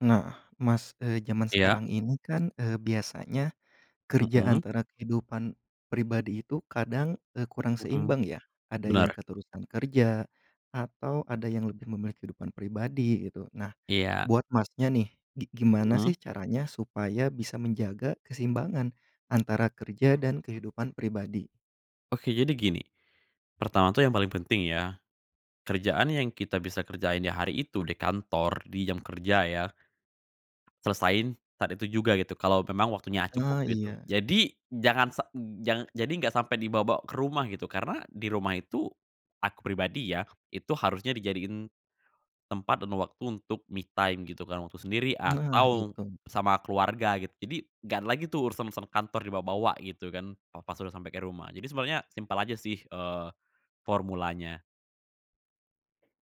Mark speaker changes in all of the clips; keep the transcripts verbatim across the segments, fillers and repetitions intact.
Speaker 1: Nah, Mas, eee, jaman
Speaker 2: Iya.
Speaker 1: sekarang ini kan, eee, biasanya, kerja
Speaker 2: Mhm.
Speaker 1: antara kehidupan pribadi itu kadang, eee, kurang
Speaker 2: Mhm.
Speaker 1: seimbang ya. Ada yang
Speaker 2: Benar.
Speaker 1: keterusan kerja atau ada yang lebih memilih kehidupan pribadi gitu. Nah,
Speaker 2: Iya.
Speaker 1: buat Masnya nih, gi gimana
Speaker 2: Mhm.
Speaker 1: sih caranya supaya bisa menjaga keseimbangan antara kerja dan kehidupan pribadi?
Speaker 2: Oke jadi gini. Pertama tuh yang paling penting ya, kerjaan yang kita bisa kerjain ya hari itu di kantor, di jam kerja ya, selesaiin saat itu juga gitu kalau memang waktunya cukup
Speaker 1: Ah
Speaker 2: gitu.
Speaker 1: iya.
Speaker 2: Jadi, jangan sa jangan jadi nggak sampai dibawa-bawa ke rumah gitu, karena di rumah itu, aku pribadi ya, itu harusnya dijadiin, tempat dan waktu untuk me time gitu kan, waktu sendiri
Speaker 1: Nah
Speaker 2: atau
Speaker 1: itu.
Speaker 2: sama keluarga gitu. Jadi nggak ada lagi tuh urusan-urusan kantor dibawa-bawa gitu kan, pa pas sudah sampai ke rumah. Jadi sebenarnya simpel aja sih, eee, formulanya.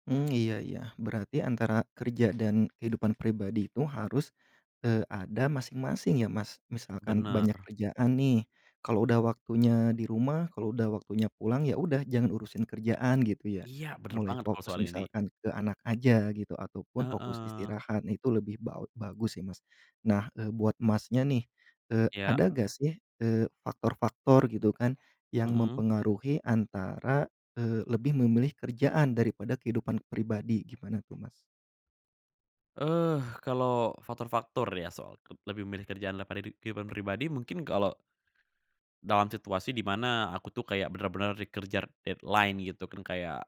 Speaker 1: Mmm, iya iya, berarti antara kerja dan kehidupan pribadi itu harus, eee, ada masing-masing ya Mas? Misalkan banyak
Speaker 2: Benar.
Speaker 1: kerjaan nih, kalau udah waktunya di rumah kalau udah waktunya pulang, ya udah jangan urusin kerjaan gitu ya.
Speaker 2: Iya bener
Speaker 1: Mulai
Speaker 2: banget kalau
Speaker 1: fokus
Speaker 2: soal ini.
Speaker 1: misalkan ke anak aja gitu, ataupun fokus
Speaker 2: Heeh.
Speaker 1: istirahat itu lebih bau bagus sih Mas. Nah, eee, buat Masnya nih, eee,
Speaker 2: Iya.
Speaker 1: ada gak sih, eee, faktor-faktor gitu kan, yang
Speaker 2: Mhm.
Speaker 1: mempengaruhi antara, eee, lebih memilih kerjaan daripada kehidupan pribadi, gimana tuh Mas?
Speaker 2: Eh, kalau faktor-faktor ya soal ke lebih memilih kerjaan daripada ri kehidupan pribadi mungkin kalau dalam situasi di mana aku tuh kayak benar-benar dikerjar deadline gitu kan kayak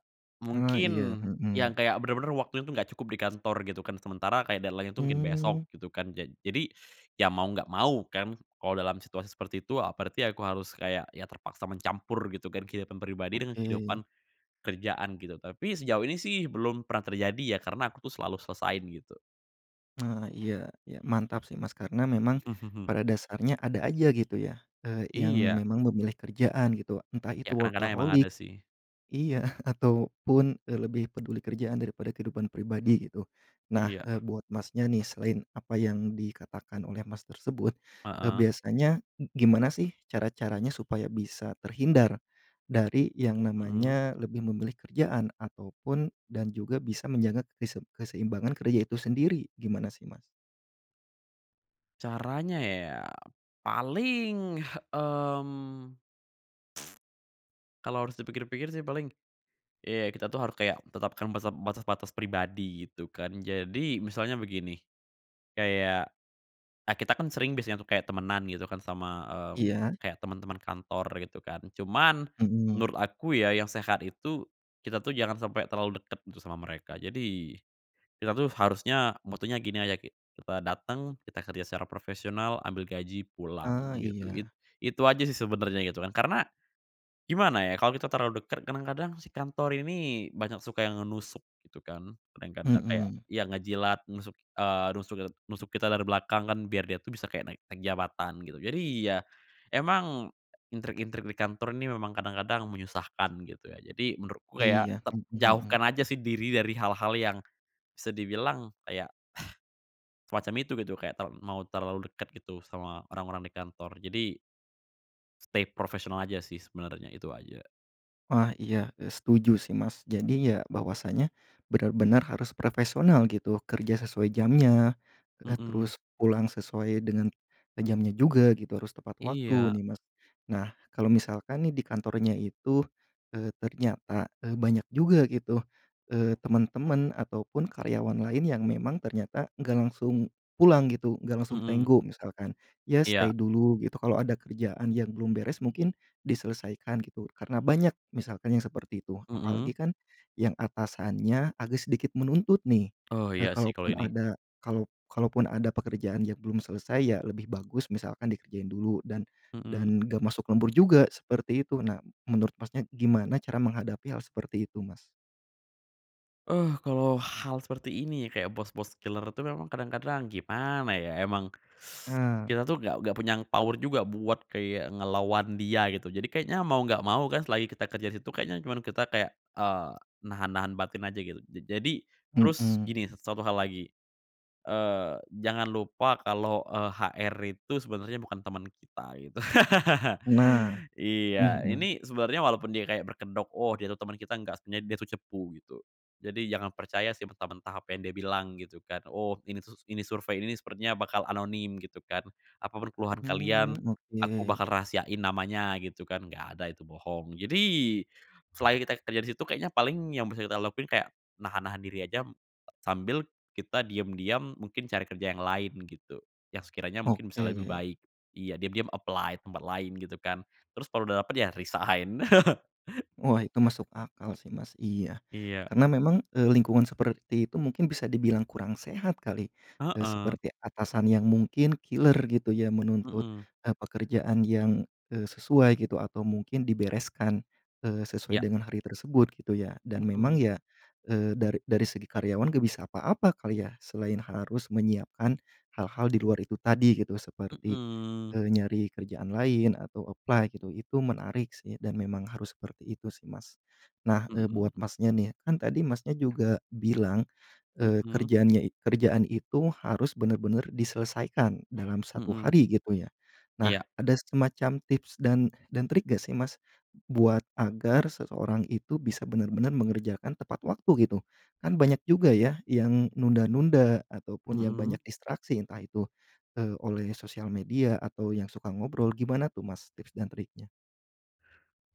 Speaker 1: Ah
Speaker 2: mungkin
Speaker 1: iya,
Speaker 2: yang
Speaker 1: mhm.
Speaker 2: kayak bener-bener waktu itu nggak cukup di kantor gitu kan, sementara kayak deadline-nya tuh ngkin besok
Speaker 1: Mmm.
Speaker 2: gitu kan. Ja jadi, ya mau nggak mau kan, kalau dalam situasi seperti itu, eee, berarti aku harus kayak, ya terpaksa mencampur gitu kan kehidupan pribadi dengan kehidupan
Speaker 1: Oke.
Speaker 2: kerjaan gitu. Tapi sejauh ini sih belum pernah terjadi ya, karena aku tuh selalu selesaiin gitu.
Speaker 1: Nah, iya iya mantap sih Mas, karena memang pada dasarnya ada aja gitu ya, eee, yang
Speaker 2: Iya.
Speaker 1: memang memilih kerjaan gitu entah
Speaker 2: Ya
Speaker 1: itu
Speaker 2: kadang-kadang emang
Speaker 1: workaholic.
Speaker 2: ada sih.
Speaker 1: Iya, ah ataupun, eee, lebih peduli kerjaan daripada kehidupan pribadi gitu. Nah,
Speaker 2: Iya.
Speaker 1: eee, buat Masnya nih selain apa yang dikatakan oleh Mas tersebut, eee,
Speaker 2: Heeh.
Speaker 1: biasanya gimana sih cara-caranya supaya bisa terhindar dari yang
Speaker 2: Mhm.
Speaker 1: namanya lebih memilih kerjaan, ataupun dan juga bisa menjaga kese keseimbangan kerja itu sendiri, gimana sih Mas?
Speaker 2: Caranya ya? Paling, mmm, kalo harus dipikir-pikir sih paling, ya kita tuh harus kayak tetapkan bese batas-batas pribadi gitu kan. Jadi misalnya begini, kayak, eee, kita kan sering biasanya tuh kayak temenan gitu kan sama, mmm,
Speaker 1: Iya.
Speaker 2: kayak teman-teman kantor gitu kan, cuman
Speaker 1: Mhm.
Speaker 2: menurut aku ya yang sehat itu, kita tuh jangan sampai terlalu dekat itu sama mereka. Jadi, kita tuh harusnya motonya gini aja, ki kita dateng, kita kerja secara profesional, ambil gaji, pulang
Speaker 1: Ah
Speaker 2: gitu, it
Speaker 1: iya.
Speaker 2: itu aja sih sebenarnya gitu kan. Karena, gimana ya kalau kita terlalu dekat, kadang-kadang si kantor ini banyak suka yang nusuk gitu kan, kadang-kadang kayak
Speaker 1: Mhm.
Speaker 2: ya, ngejilat, nusuk, eee, nusuk, eee, nusuk kita dari belakang kan biar dia tuh bisa kayak naik naik jabatan gitu. Jadi ya, emang intrik-intrik di kantor ini memang kadang-kadang menyusahkan gitu ya, jadi menurutku ya
Speaker 1: Iya,
Speaker 2: te
Speaker 1: mhm mhm.
Speaker 2: jauhkan aja sih diri dari hal-hal yang bisa dibilang kayak, semacam itu gitu, kayak tau mau terlalu dekat gitu sama orang-orang di kantor. Jadi stay profesional aja sih sebenernya itu aja.
Speaker 1: Wah, iya, eee, setuju sih Mas. Jadi ya bahwasanya benar-benar harus profesonal gitu, kerja sesuai jamnya, eee,
Speaker 2: Mhm.
Speaker 1: terus pulang sesuai dengan, eee, jamnya juga gitu, harus tepat waktu
Speaker 2: Iya.
Speaker 1: nih Mas. Nah kalau misalkan nih di kantornya itu, eee, ternyata, eee, banyak juga gitu, eee, temen-temen ataupun karyawan lain yang memang ternyata nggak langsung pulang gitu, nggak langsung
Speaker 2: Mmm.
Speaker 1: tenggo misalkan. Ya
Speaker 2: Iya.
Speaker 1: stay dulu gitu, kalau ada kerjaan yang belum beres mungkin diselesaikan gitu, karena banyak misalkan yang seperti itu.
Speaker 2: Mhm.
Speaker 1: Apalagi kan yang atasannya agak sedikit menuntut nih,
Speaker 2: Oh iya
Speaker 1: eee,
Speaker 2: sih kalau
Speaker 1: kalaupun
Speaker 2: ini.
Speaker 1: ada kalau kalaupun ada pekerjaan yang belum selesai ya, lebih bagus misalkan dikerjain dulu dan
Speaker 2: Mhm.
Speaker 1: dan gak masuk lembur juga seperti itu. Nah, menurut Masnya gimana cara menghadapi hal seperti itu Mas?
Speaker 2: Eh kalau hal seperti ini ya, kayak bos-bos killer itu memang kadang-kadang gimana ya, emang
Speaker 1: Ah.
Speaker 2: kita tuh nggak nggak punya power juga buat kayak ngelawan dia gitu. Jadi kayaknya mau nggak mau kan, selagi kita kerja di situ, kayaknya cuman kita kayak, eee, nahan-nahan batin aja gitu. Ja jadi terus
Speaker 1: Mhm.
Speaker 2: gini, satu hal lagi, eee, jangan lupa kalau, eee, HR itu sebenarnya bukan teman kita, gitu.
Speaker 1: Nah,
Speaker 2: Iya,
Speaker 1: mhm.
Speaker 2: ini sebenarnya walaupun dia kayak berkedok, "Oh dia tuh teman kita." Nggak, sebenernya dia tuh cepu gitu. Jadi jangan percaya sih mentah-mentah apa yang dia bilang gitu kan, "Oh, ini tuh s ini survei, ini sepertinya bakal anonim." Gitu kan, "Apa pur keluhan
Speaker 1: Mmm
Speaker 2: kalian, aku
Speaker 1: oke.
Speaker 2: bakal rahasiain namanya." Gitu kan, nggak ada itu bohong. Jadi, selain kita kerja di situ, kayaknya paling yang bisa kita lakuin kayak nahan-nahan diri aja, sambil kita diam-diam mungkin cari kerja yang lain gitu, yang sekiranya mungkin bisa lebih
Speaker 1: Oke.
Speaker 2: baik. Iya diam-diam apply tempat lain gitu kan, terus kalo udah dapet ya resign.
Speaker 1: Wah itu masuk akal sih Mas, iya.
Speaker 2: Iya.
Speaker 1: Karena memang, eee, lingkungan seperti itu mungkin bisa dibilang kurang sehat kali, eee,
Speaker 2: Heeh.
Speaker 1: seperti atasan yang mungkin killer gitu ya menuntut,
Speaker 2: Mhm.
Speaker 1: eee, pekerjaan yang, eee, sesuai gitu atau mungkin dibereskan, eee, sesuai
Speaker 2: Iya.
Speaker 1: dengan hari tersebut gitu ya. Dan memang
Speaker 2: Mhm.
Speaker 1: ya, eee, dari dari segi karyawan gak bisa apa-apa kali ya, selain harus menyiapkan hal-hal di luar itu tadi gitu. Seperti,
Speaker 2: Mhm.
Speaker 1: eee, nyari kerjaan lain, atau apply gitu, itu menarik sih dan memang harus seperti itu sih Mas. Nah, eee, buat
Speaker 2: Mhm.
Speaker 1: Masnya nih, kan tadi Masnya juga bilang, eee,
Speaker 2: Mmm.
Speaker 1: kerjaannya i kerjaan itu harus benar-benar diselesaikan dalam satu
Speaker 2: Mhm.
Speaker 1: hari gitu ya. Nah,
Speaker 2: Iya.
Speaker 1: ada semacam tips dan dan trik gak sih Mas? Buat agar seseorang itu bisa benar-benar mengerjakan tepat waktu gitu? Kan banyak juga ya yang nunda-nunda ataupun yang
Speaker 2: Mhm.
Speaker 1: banyak distraksi entah itu, eee, oleh sosial media atau yang suka ngobrol, gimana tuh Mas tips dan triknya?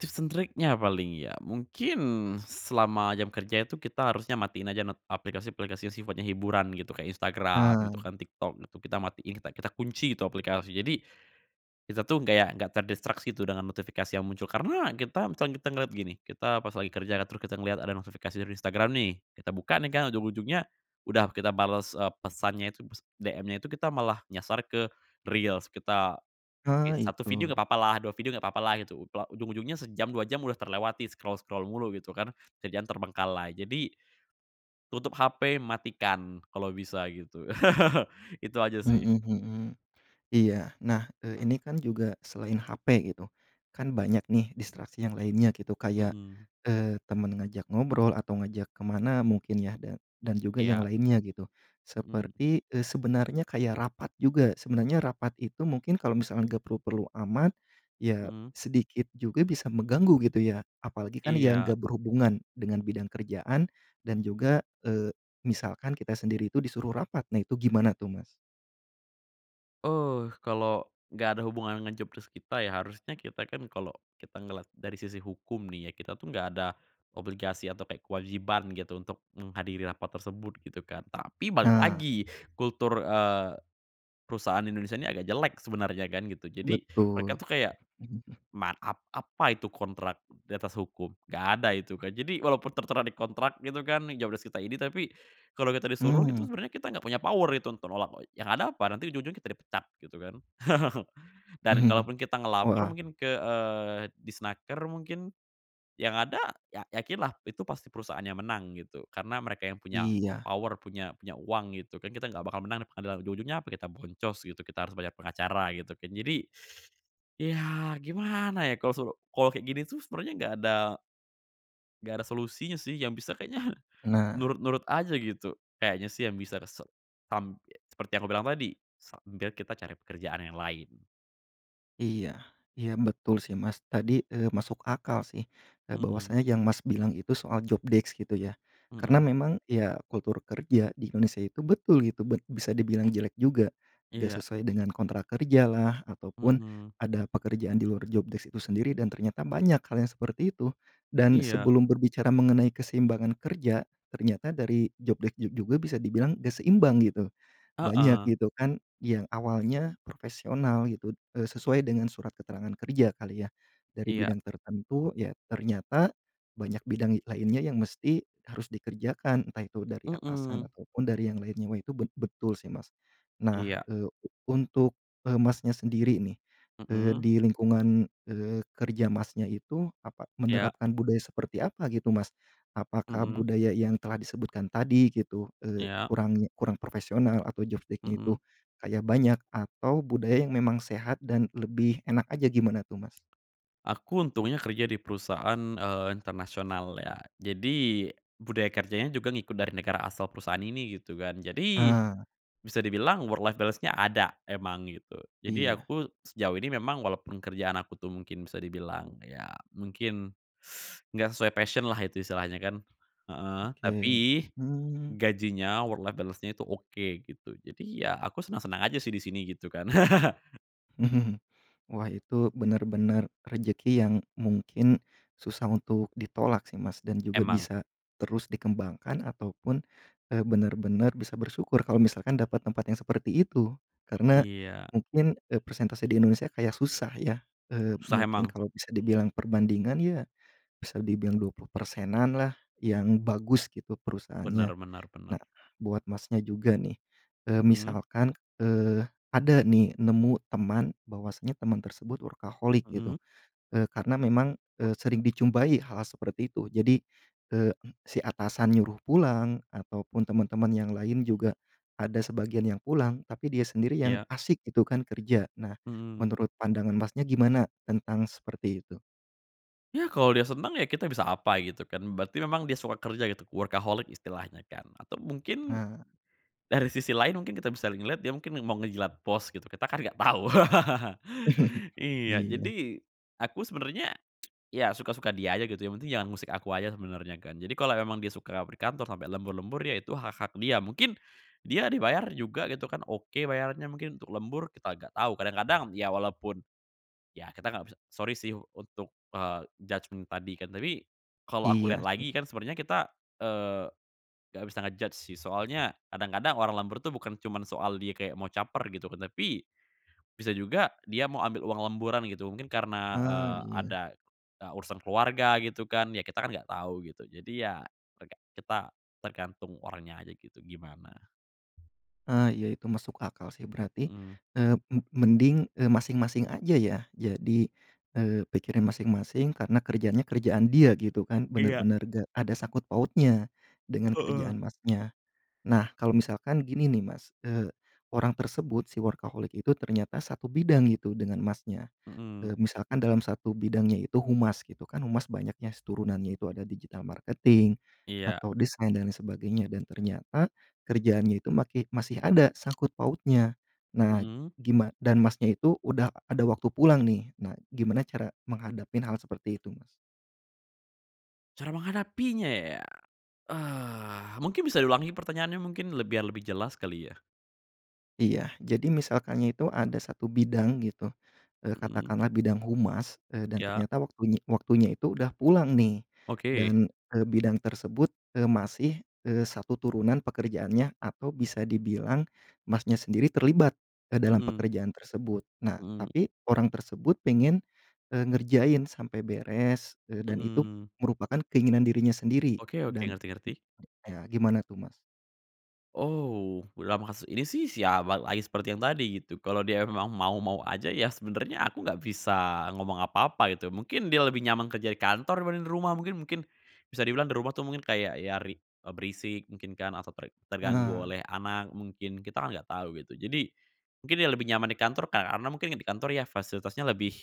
Speaker 2: Tips and triknya paling ya, mungkin selama jam kerja itu kita harusnya matiin aja not aplikasi-aplikasi yang sifatnya hiburan gitu, kayak Instagram gitu
Speaker 1: Ah.
Speaker 2: kan, TikTok itu kita matiin, kita kita kunci itu aplikasi. Jadi, kita tuh kayak nggak terdistraksi tuh dengan notifikasi yang muncul, karena kita misalnya kita ngeliat gini, kita pas lagi kerja ya, teru kita ngeliat ada notifikasi dari Instagram nih, kita buka nih kan, ujung-ujungnya udah kita bales, eee, pesannya itu s DM-nya itu, kita malah nyasar ke Reels, kita oke
Speaker 1: Ah
Speaker 2: satu video
Speaker 1: itu.
Speaker 2: gak papalah, dua video gak papalah gitu, loh ujung-ujungnya sejam, dua jam udah terlewati scroll-scroll mulu gitu kan, kerjaan terbengkalai. Jadi, tutup HP, matikan kalau bisa gitu, itu aja sih.
Speaker 1: Mhm mhm. Iya, nah, eee, ini kan juga selain HP gitu, kan banyak nih distraksi yang lainnya gitu kayak,
Speaker 2: Mhm.
Speaker 1: eee, temen ngajak ngobrol atau ngajak ke mana mungkin ya, dan dan juga yang
Speaker 2: Iya.
Speaker 1: lainnya gitu.
Speaker 2: Mhm.
Speaker 1: Seperti, eee, sebenarnya kayak rapat juga, sebenarnya rapat itu mungkin kalau misalkan gak perlu-perlu amat, ya
Speaker 2: Mhm.
Speaker 1: sedikit juga bisa mengganggu gitu ya. Apalagi kan yang
Speaker 2: Iya.
Speaker 1: gak berhubungan dengan bidang kerjaan, dan juga, eee, misalkan kita sendiri itu disuruh rapat, nah itu gimana tuh Mas?
Speaker 2: Oh kalau gak ada hubungan dengan job desc kita ya harusnya kita kan kalau kita ngeliat dari sisi hukum nih ya kita tuh gak ada, obligasi atau kayak kewajiban gitu untuk menghadiri rapat tersebut gitu kan, tapi balik
Speaker 1: Nah.
Speaker 2: lagi kultur, eee, perusahaan Indonesia ini agak jelek sebenarnya kan gitu jadi mereka
Speaker 1: Betul.
Speaker 2: tuh kayak ma ap apa itu kontrak di atas hukum? Gak ada itu kan, jadi walaupun tertera di kontrak gitu kan tiga belas juta ini tapi, kalau kita disuruh itu
Speaker 1: Mmm.
Speaker 2: sebenarnya kita nggak punya power itu untuk nolak yang ada apa nanti ujung-ujungnya kita dipecat gitu kan, dan kalaupun kita ngelapor
Speaker 1: Wah.
Speaker 2: mungkin ke, eee, Disnaker mungkin, yang ada ya yakinlah itu pasti perusahaannya menang gitu karena mereka yang punya
Speaker 1: Iya.
Speaker 2: power punya punya uang gitu kan kita nggak bakal menang yang ada ujung-ujungnya apa kita boncos gitu kita harus banyak pengacara gitu kan jadi, ya gimana ya kalau su kalau kayak gini tuh sebenernya nggak ada nggak ada solusinya sih yang bisa kayaknya,
Speaker 1: Nah.
Speaker 2: nurut-nurut aja gitu kayaknya sih yang bisa se tam seperti yang aku bilang tadi sambil kita cari pekerjaan yang lain.
Speaker 1: Iya iya betul sih Mas. Tadi, eee, masuk akal sih e
Speaker 2: Mhm.
Speaker 1: bahwasanya yang Mas bilang itu soal job deks gitu ya? Karena
Speaker 2: Mhm.
Speaker 1: memang ya kultur kerja di inonesa itu betul gitu, bet bisa dibilang jelek juga. Nggak
Speaker 2: Iya.
Speaker 1: sesuai dengan kontrak kerjalah ataupun
Speaker 2: Mhm.
Speaker 1: ada pekerjaan di luar job desk itu sendiri dan ternyata banyak hal yang seperti itu. Dan
Speaker 2: Iya.
Speaker 1: sebelum berbicara mengenai keseimbangan kerja ternyata dari job dek ju juga bisa dibilang nggak seimbang gitu, banyak
Speaker 2: Heeh.
Speaker 1: gitu kan yang awalnya profesional gitu e sesuai dengan surat keterangan kerja kali ya? Dari
Speaker 2: Iya.
Speaker 1: bidang tertentu ya ternyata banyak bidang i lainnya yang mesti harus dikerjakan, entah itu dari atasan
Speaker 2: Mhm.
Speaker 1: ataupun dari yang lainnya. Wah itu bet betul sih Mas. Nah,
Speaker 2: Iya.
Speaker 1: eee, u untuk e Masnya sendiri nih, eee,
Speaker 2: Mhm.
Speaker 1: di lingkungan, eee, kerja Masnya itu apa
Speaker 2: Iya.
Speaker 1: menerapkan budaya seperti apa gitu Mas? Apakah
Speaker 2: Mhm.
Speaker 1: budaya yang telah disebutkan tadi gitu, eee,
Speaker 2: Iya.
Speaker 1: kurang kurang profesional atau jof deknya itu
Speaker 2: Mhm.
Speaker 1: kayak banyak, atau budaya yang memang sehat dan lebih enak aja? Gimana tuh Mas?
Speaker 2: Aku untungnya kerja di perusahaan, eee, internasional ya jadi budaya kerjanya juga ngikut dari negara asal perusahaan ini gitu kan. Jadi,
Speaker 1: Ah.
Speaker 2: bisa dibilang work life balance-nya ada emang gitu jadi
Speaker 1: Iya.
Speaker 2: aku sejauh ini memang walaupun kerjaan aku tuh mungkin bisa dibilang ya mungkin, enggak sesuai passion-lah itu istilahnya kan, heeh, tapi,
Speaker 1: Oke, mmm.
Speaker 2: gajinya, work life balance-nya itu oke gitu. Jadi ya aku senang-senang aja sih di sini gitu kan.
Speaker 1: Wah itu benar-benar rezeki yang mungkin susah untuk ditolak sih Mas, dan juga
Speaker 2: Emang.
Speaker 1: bisa terus dikembangkan ataupun e benar-benar bisa bersyukur kalau misalkan dapat tempat yang seperti itu. Karena,
Speaker 2: Iya.
Speaker 1: mungkin e persentase di Indonesia kayak susah ya, eee,
Speaker 2: Susah
Speaker 1: mungkin
Speaker 2: emang.
Speaker 1: kalau bisa dibilang perbandingan ya, bisa dibilang dua puluh persenan lah yang bagus gitu perusahaannya.
Speaker 2: Benar benar benar.
Speaker 1: Nah buat Masnya juga nih, eee,
Speaker 2: Mhm.
Speaker 1: misalkan, eee, ada nih nemu teman bahwasanya teman tersebut workaholic gitu,
Speaker 2: Mhm.
Speaker 1: eee, karena memang, eee, sering dijumpai hal-hal seperti itu. Jadi, eee, si atasan nyuruh pulang, ataupun teman-teman yang lain juga ada sebagian yang pulang, tapi dia sendiri yang
Speaker 2: Iya.
Speaker 1: asyik itu kan kerja. Nah,
Speaker 2: Mhm.
Speaker 1: menurut pandangan Masnya gimana tentang seperti itu?
Speaker 2: Ya kalau dia senang ya kita bisa apa gitu kan. Berarti memang dia suka kerja gitu, workaholic istilahnya kan atau mungkin
Speaker 1: Ah.
Speaker 2: dari sisi lain mungkin kita bisa le ngeliat dia mungkin mau ngejilat bos gitu. Kita kan nggak tau. Iya
Speaker 1: Iya.
Speaker 2: jadi, aku sebenarnya, ya suka-suka dia aja gitu, yang penting jangan ngusik aku aja sebenarnya kan. Jadi kalau emang dia suka berkantor sampai lembur-lembur ya itu hak-hak dia. Mungkin dia dibayar juga gitu kan oke, bayarannya mungkin untuk lembur kita nggak tahu kadang-kadang ya walaupun, ya kita nggak bisa sorry sih untuk, eee, judgement tadi kan. Tapi, kalau aku
Speaker 1: Iya
Speaker 2: lihat
Speaker 1: sih.
Speaker 2: lagi kan sebenarnya kita, eee, nggak bisa nge-judge sih soalnya kadang-kadang orang lembur tuh bukan cuman soal dia kayak mau caper gitu kan, tapi, bisa juga dia mau ambil uang lemburan gitu. Mungkin karena,
Speaker 1: Ah,
Speaker 2: eee,
Speaker 1: iya.
Speaker 2: ada, e urusan keluarga gitu kan ya kita kan gak tahu gitu. Jadi ya keluarga kita tergantung orangnya aja gitu gimana.
Speaker 1: Ah iya itu masuk akal sih. Berarti,
Speaker 2: Mhm.
Speaker 1: eee, me mending, eee, masing-masing aja ya jadi, eee, pikirin masing-masing karena kerjaannya kerjaan dia gitu kan?
Speaker 2: Iya.
Speaker 1: Benar-benar nggak ada sangkut pautnya, dengan
Speaker 2: Heeh.
Speaker 1: kerjaan Masnya. Nah kalau misalkan gini nih Mas, eee, orang tersebut si workaholic itu ternyata satu bidang itu dengan Masnya,
Speaker 2: Mhm.
Speaker 1: eee, misalkan dalam satu bidangnya itu humas gitu. Kan humas banyaknyas turunannya itu ada digital marketing,
Speaker 2: Iya.
Speaker 1: atau design, dan yang sebagainya dan ternyata kerjaannya itu makih masih ada sangkut pautnya, nah
Speaker 2: Mhm.
Speaker 1: gima dan Masnya itu udah ada waktu pulang nih. Nah, gimana cara menghadapin hal seperti itu Mas?
Speaker 2: Cara menghadapinya ya? Eh, mungkin bisa diulangi pertanyaannya mungkin le biar lebih jelas kali ya?
Speaker 1: Iya, jadi misalkannya itu ada satu bidang gitu, eee,
Speaker 2: Mhm.
Speaker 1: katakanlah bidang humas, eee, dan
Speaker 2: Iya?
Speaker 1: ternyata waktunye waktunya itu udah pulang nih
Speaker 2: Oke.
Speaker 1: dan, eee, bidang tersebut, eee, masih, eee, satu turunan pekerjaannya atau bisa dibilang Masnya sendiri terlibat ke dalam
Speaker 2: Mhm.
Speaker 1: pekerjaan tersebut. Nah,
Speaker 2: Mhm.
Speaker 1: tapi orang tersebut pengen, eee, ngerjain sampai beres, eee, dan itu
Speaker 2: Mhm.
Speaker 1: merupakan keinginan dirinya sendiri
Speaker 2: Oke oke,
Speaker 1: dan,
Speaker 2: ngerti ngerti.
Speaker 1: [unintelligible] ya, gimana tuh Mas?
Speaker 2: Oh, dalam kasus ini sih siama lagi seperti yang tadi gitu, kalau dia memang mau-mau aja ya sebenernya aku nggak bisa ngomong apa-apa gitu. Mungkin dia lebih nyaman kerja di kantor dibanding dari rumah mungkin mungkin bisa dibilang di rumah tuh mungkin kayak ya rik eee, berisik mungkin kan, atau ter terganggu
Speaker 1: Heeh.
Speaker 2: oleh anak mungkin. Kita kan nggak tahu gitu. Jadi, mungkin dia lebih nyaman di kantor kar ana mungkin di kantor ya fasilitasnya lebih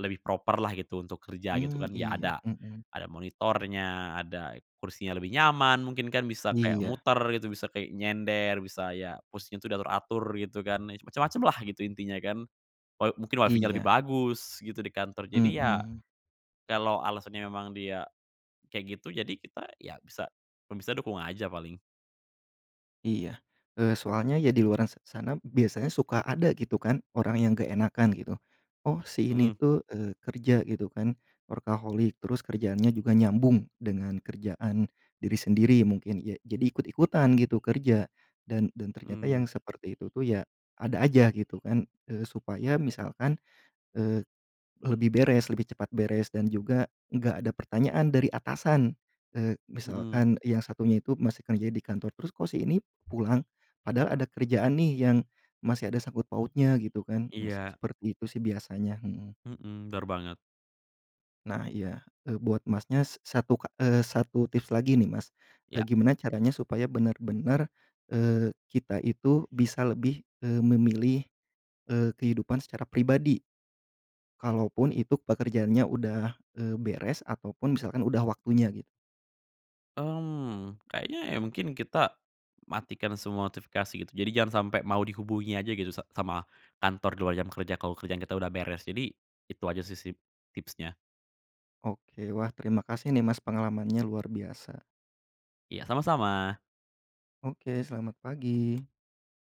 Speaker 2: lebih proper-lah gitu untuk kerja gitu
Speaker 1: Mmm,
Speaker 2: kan, ya
Speaker 1: iya,
Speaker 2: ada
Speaker 1: mhm.
Speaker 2: ada monitornya, ada kursinya lebih nyaman mungkin kan- bisa kayak
Speaker 1: Iya.
Speaker 2: muter gitu, bisa kayak nyender, bisa ya posisinya tuh diatur-atur gitu kan. Ya cem-macemlah gitu intinya kan. Wa mungkin WiFi-nya lebih
Speaker 1: Iya.
Speaker 2: bagus gitu di kantor jadi ya,
Speaker 1: Mhm.
Speaker 2: kalau alasannya memang dia, kayak gitu jadi kita ya bisa, kalau bisa dukung aja paling.
Speaker 1: Iya, eee, soalnya ya di luaran sa sana biasanya suka ada gitu kan orang yang keenakan gitu, oh si ini
Speaker 2: Mhm.
Speaker 1: tuh, eee, kerja gitu kan workaholic, terus kerjaannya juga nyambung dengan kerjaan diri sendiri mungkin, ya jadi ikut-ikutan gitu kerja dan dan ternyata yang
Speaker 2: Mhm.
Speaker 1: seperti itu tuh ya ada aja gitu kan. Eee, supaya misalkan, eee, lebih beres lebih cepat beres, dan juga nggak ada pertanyaan dari atasan, eee,
Speaker 2: Mhm.
Speaker 1: misalkan yang satunya itu masih kerja di kantor terus, "Kok si ini pulang? Padahal ada kerjaan nih yang masih ada sangkut pautnya," gitu kan. Nah s
Speaker 2: Iya.
Speaker 1: seperti itu sih biasanya, mhm.
Speaker 2: Mhm, benar banget.
Speaker 1: Nah iya e buat Masnya s satu ka eee, satu tips lagi nih Mas e
Speaker 2: Iya.
Speaker 1: gimana caranya supaya benar-benar, eee, kita itu bisa lebih, eee, memilih, eee, kehidupan secara pribadi? Kalaupun ituk pekerjaannya udah, eee, beres ataupun misalkan udah waktunya git
Speaker 2: Mmm, kayaknya ya mungkin kita, matikan semua notifikasi gitu. Jadi jangan sampai mau dihubungi aja gitu sa sama kantor di luar jam kerja kalau kerjaan kita udah beres. Jadi, itu aja sih sip tipsnya.
Speaker 1: Oke. Wah, terima kasih nih Mas pengalamannya luar biasa.
Speaker 2: Iya sama-sama.
Speaker 1: Oke, selamat pagi.